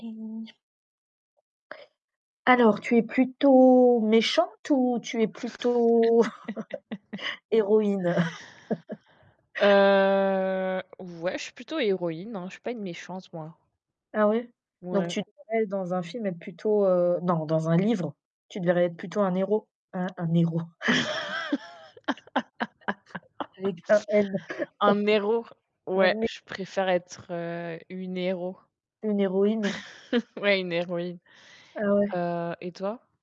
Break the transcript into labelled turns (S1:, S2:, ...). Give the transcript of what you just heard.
S1: Alors, tu es plutôt méchante ou tu es plutôt héroïne?
S2: Heu, ouais, je suis plutôt héroïne, hein, je suis pas une méchante, moi.
S1: Ah ouais? Donc
S2: Ouais.
S1: tu te verrais dans un film être plutôt, heu non dans un livre, tu te verrais être plutôt un héros, un un héros? Avec un N.
S2: Un héros,
S1: Un
S2: ouais,
S1: né
S2: je préfère être, heu, une héros.
S1: Une héroïne.
S2: Ouais, une héroïne,
S1: Ah ouais?
S2: heu, et toi?